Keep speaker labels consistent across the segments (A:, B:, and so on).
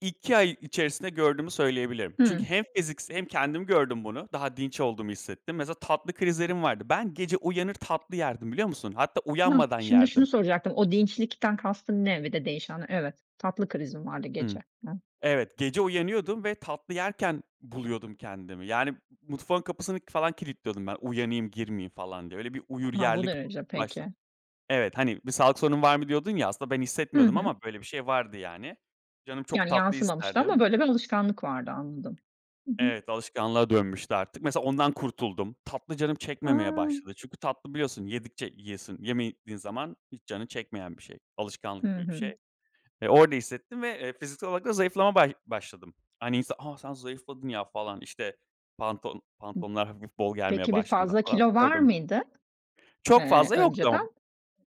A: 2 ay içerisinde gördüğümü söyleyebilirim. Çünkü
B: Hımm.
A: hem fiziksel hem kendim gördüm bunu. Daha dinç olduğumu hissettim. Mesela tatlı krizlerim vardı. Ben gece uyanır tatlı yerdim, biliyor musun? Hatta
B: Hıh.
A: uyanmadan
B: Şimdi
A: yerdim.
B: şunu soracaktım. O dinçlikten kastın ne ve de değişen? Evet, tatlı krizin vardı
A: Hımm.
B: gece. Hıh.
A: Evet, gece uyanıyordum ve tatlı yerken buluyordum kendimi. Yani, mutfağın kapısını falan kilitliyordum ben. Uyanayım girmeyeyim falan diye. Öyle bir uyur
B: Ha, bu
A: yerlik b
B: derece,
A: başladı
B: peki.
A: Evet, hani, bir sağlık sorunun var mı diyordun ya, aslında ben
B: Hı
A: hissetmiyordum
B: hı.
A: ama, böyle bir şey vardı yani. Canım çok
B: Yani
A: tatlı
B: yansımamıştı
A: isterdi.
B: ama böyle bir alışkanlık vardı anladım. Hı hı.
A: Evet, alışkanlığa dönmüştü artık. Mesela ondan kurtuldum. Tatlı canım çekmemeye
B: A!
A: başladı. Çünkü tatlı biliyorsun, yedikçe yiyiyorsun. Yemediğin zaman hiç canın çekmeyen bir şey.
B: Hı
A: Alışkanlık gibi bir
B: hı.
A: şey. E, orada hissettim ve, eee, fiziksel olarak da zayıflama ba başladım. Hani insan, "A, sen zayıfladın ya." falan, işte, pantolon
B: Hıh.
A: pantolonlar hafif bol gelmeye
B: Peki bir
A: başladığında
B: fazla
A: falan
B: kilo var
A: gördüm.
B: mıydı,
A: Çok
B: ııı,
A: fazla yoktu.
B: önceden?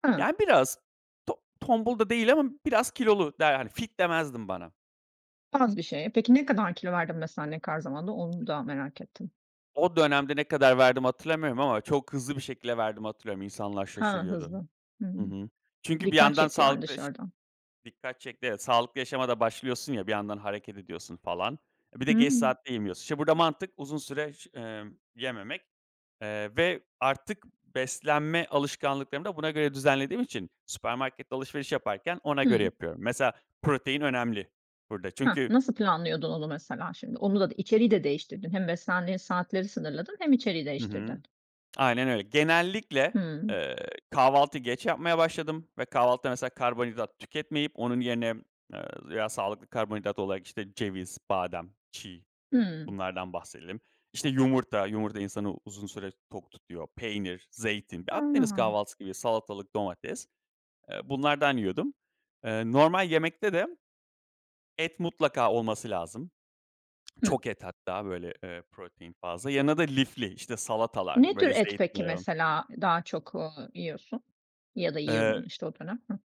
B: Hıı.
A: Yani biraz to tombul da değil ama biraz kilolu der Hani fit demezdim bana.
B: Az bir şey. Peki ne kadar kilo verdin mesela, ne kadar zamanda? Onu da merak ettim.
A: O dönemde, ne kadar verdiğimi hatırlamıyorum ama çok hızlı bir şekilde verdiğimi hatırlıyorum. İnsanlar
B: Ha
A: şaşırıyordu
B: hızlı. Hıı.
A: Hı hı. Çünkü bir
B: Dikkat
A: yandan
B: çekti yani
A: sağlıklı yaş
B: dışarıdan.
A: Dikkat çekti, evet. Sağlıklı yaşama da başlıyorsun ya, bir yandan hareket ediyorsun falan. E, bir de geç
B: Hımm.
A: saatte yemiyorsun. İşte, burada mantık uzun süre ş ımm yememek, eee, ve artık beslenme alışkanlıklarımı da buna göre düzenlediğim için, süpermarkette alışveriş yaparken ona göre
B: Hıı.
A: yapıyorum. Mesela, protein önemli burada.
B: Hah.
A: Çünkü.
B: Nasıl planlıyordun onu mesela şimdi? Onu da içeriği de değiştirdin. Hem beslendiğin saatleri sınırladın, hem içeriği
A: Hı hı.
B: değiştirdin.
A: Aynen öyle. Genellikle,
B: Hıı.
A: ııı, kahvaltıyı geç yapmaya başladım. Ve kahvaltıda, mesela, karbonhidrat tüketmeyip onun yerine, ııı, veya sağlıklı karbonhidrat olarak, işte, ceviz, badem, çiğ,
B: Hıı.
A: bunlardan bahsedelim. İşte, yumurta. Yumurta, insanı uzun süre tok tutuyor. Peynir, zeytin. Ya, Akdeniz
B: Ha.
A: kahvaltısı gibi salatalık, domates. Iıı, bunlardan yiyordum. Iıı, normal yemekte de, et mutlaka olması lazım.
B: Hıh.
A: Çok et hatta, böyle, ııı, protein fazla. Yanında da lifli, işte, salatalar,
B: Ne tür
A: böyle,
B: et, peki,
A: zeytinyağı
B: mesela, daha çok, ııı, yiyorsun ya da
A: Iıı
B: yiyordun, işte, o dönem? Hıh.